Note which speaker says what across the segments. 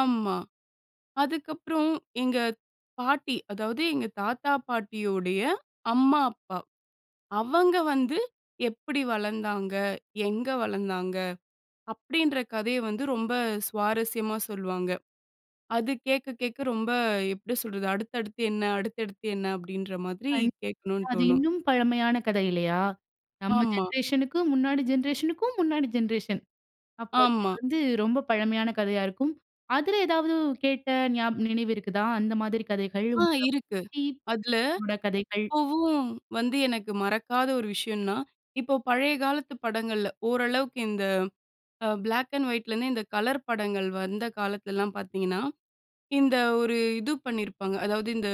Speaker 1: ஆமா. அதுக்கப்புறம் எங்க பாட்டி அதாவது, எங்க தாத்தா, பாட்டியுடைய அம்மா, அப்பா. அவங்க வந்து எப்பிடி வளர்ந்தாங்க, எங்க வளர்ந்தாங்க? அப்டின்ற கதைய வந்து ரொம்ப சுவாரஸ்யமா சொல்லுவாங்க. அது கேட்க, கேட்க ரொம்ப எப்பிடி சொல்றது, அடுத்தடுத்து என்ன, அடுத்தடுத்து என்ன? அப்டின்ற மாரி
Speaker 2: கண்டிப்பா.
Speaker 1: கேட்கணும்னு
Speaker 2: அது
Speaker 1: தோணும்.
Speaker 2: இன்னும் பழமையான கதை, இல்லையா, நம்ம
Speaker 1: ஆமா.
Speaker 2: ஜென்ரேஷனுக்கும் முன்னாடி ஜென்ரேஷனுக்கும் முன்னாடி ஜென்ரேஷன். அப்ப அது
Speaker 1: ஆமா.
Speaker 2: வந்து ரொம்ப பழமையான கதையா இருக்கும். அதில ஏதாவது கேட்ட நியாப் நினைவு இருக்குதா, அந்த மாதிரி கதைகள்,
Speaker 1: ஆ
Speaker 2: உங்க
Speaker 1: இருக்கு.
Speaker 2: பூட்டி
Speaker 1: அதில
Speaker 2: பூட்டனோட கதைகள்?
Speaker 1: இப்போவும் வந்து எனக்கு மறக்காத ஒரு விஷயம்னா, இப்போ பழைய காலத்து படங்கள்ல ஓரளவுக்கு இந்த அ பிளாக் அண்ட் வைட்ல இருந்து, இந்த கலர் படங்கள் வந்த காலத்திலலாம் பார்த்தீங்கன்னா, இந்த ஒரு இது பண்ணிருப்பாங்க. அதாவது, இந்த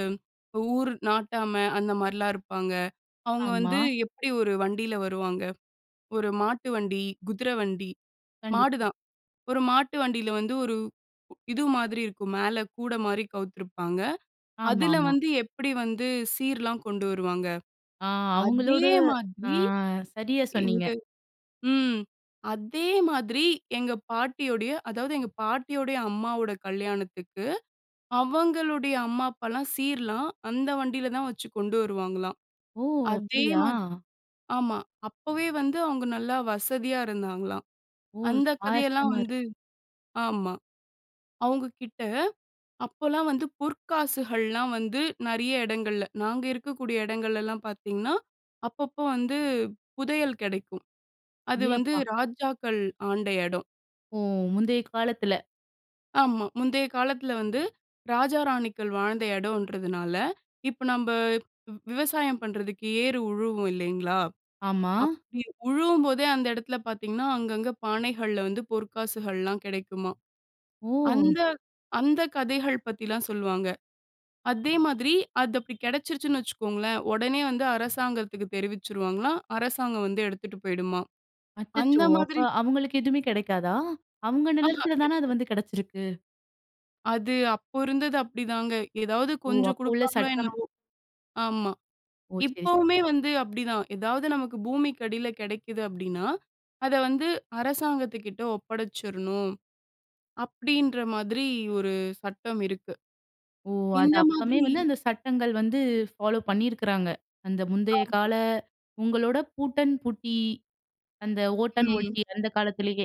Speaker 1: ஊர் நாட்டாம அந்த மாரிலாம் இருப்பாங்க. அவங்க
Speaker 2: ஆமா.
Speaker 1: வந்து எப்பிடி ஒரு வண்டில வருவாங்க. ஒரு மாட்டு வண்டி, குதிரை வண்டி.
Speaker 2: கண்டிப்பா.
Speaker 1: மாடுதான். ஒரு மாட்டு வண்டியில வந்து ஒரு இது மாதிரி இருக்கும். மேல கூட மாரி கவித்திருப்பாங்க. அதில
Speaker 2: ஆமாமா.
Speaker 1: வந்து, எப்படி வந்து சீர்லாம் கொண்டு வருவாங்க,
Speaker 2: ஆ
Speaker 1: அதே
Speaker 2: அவுங்களோட ஆ
Speaker 1: மாதிரி.
Speaker 2: சரியா சொன்னீங்க.
Speaker 1: எங்க ம். அதே மாதிரி, எங்க பாட்டியுடைய அதாவது எங்க பாட்டியுடைய அம்மாவோட கல்யாணத்துக்கு அவங்களுடைய அம்மா, அப்பாலாம் சீர்லாம் அந்த வண்டியில தான் வச்சுக் கொண்டு வருவாங்களாம்.
Speaker 2: ஓ!
Speaker 1: அதே
Speaker 2: அப்பிடியா?
Speaker 1: மாதி ஆமா. அப்போவே வந்து அவங்க நல்லா வசதியா இருந்தாங்களாம்.
Speaker 2: ஓ!
Speaker 1: அந்த கதையெல்லாம்
Speaker 2: சுவாரஸ்யமா இருக்கு.
Speaker 1: வந்து ஆமா. அவங்க கிட்ட அப்போலாம் வந்து பொற்காசுகள்லாம் வந்து நெறைய இடங்கள்ல, நாங்க இருக்கக்கூடிய இடங்கள்ல எல்லாம் பாத்தீங்கன்னா, அப்பப்போ வந்து புதையல் கிடைக்கும். அது
Speaker 2: ஏ!
Speaker 1: வந்து
Speaker 2: அப்பா!
Speaker 1: ராஜாக்கள் ஆண்ட இடம்.
Speaker 2: ஓ! முந்தைய காலத்தில.
Speaker 1: ஆமா. முந்தைய காலத்தில வந்து ராஜா, ராணிகள் வாழ்ந்த இடம்ன்றதனால, இப்போ, நம்ப வ் விவசாயம் பண்றதுக்கு ஏறு உழுவோம் இல்லைங்களா,
Speaker 2: ஆமா.
Speaker 1: அப்பிடி உழுவும்போதே அந்த இடத்தில பாத்தீங்கன்னா, அங்கங்க பானைகள்ல வந்து பொற்காசுகள்லாம் கிடைக்குமாம்.
Speaker 2: ஓ!
Speaker 1: அந்த அந்த கதைகள் பத்திலாம் சொல்வாங்க. அதே மாதிரி அது அப்படி கிடைச்சுருச்சுன்னு வைச்சுக்கோங்களேன். உடனே வந்து அரசாங்கத்துக்கு தெரிவிச்சிடுவாங்களாம். அரசாங்கம் வந்து எடுத்துட்டு போய்டுமாம். அந்த
Speaker 2: அச்சச்சோ! அப்ப
Speaker 1: மாதிரி
Speaker 2: அவங்களுக்கு எதுவுமே கிடைக்காதா? அவங்க
Speaker 1: ஆஹ
Speaker 2: நிலத்துல தானே அது
Speaker 1: கெடைக்காது.
Speaker 2: வந்து கிடைச்சிருக்கு.
Speaker 1: அது அப்போ இருந்தது அப்டிதாங்க. ஏதாவது
Speaker 2: ஓ!
Speaker 1: கொஞ்சம்
Speaker 2: அப்போ உள்ள
Speaker 1: குடுப்பாங்களோ,
Speaker 2: சட்டம்.
Speaker 1: என்னவோ! ஆமா.
Speaker 2: ஓ! சரி, சரி.
Speaker 1: இப்போவுமே வந்து அப்பிடித்தான். ஏதாவது நமக்கு பூமிக்கு அடியில கிடைக்குது அப்பிடின்னா, அத வந்து அரசாங்கத்துக்கிட்ட ஒப்படைச்சுறணும், அப்பிடீன்ற மாதிரி ஒரு சட்டம் இருக்கு.
Speaker 2: ஓ! அது
Speaker 1: இந்த
Speaker 2: அப்போமே
Speaker 1: மாதிரி
Speaker 2: வந்து அந்த சட்டங்கள் வந்து பாலோ பண்ணிருக்கிறாங்க. அந்த முந்தைய
Speaker 1: ஆமா.
Speaker 2: கால, உங்களோட பூட்டன், பூட்டி. அந்த ஓட்டன்,
Speaker 1: ம்.
Speaker 2: ஓட்டி அந்த காலத்திலயே.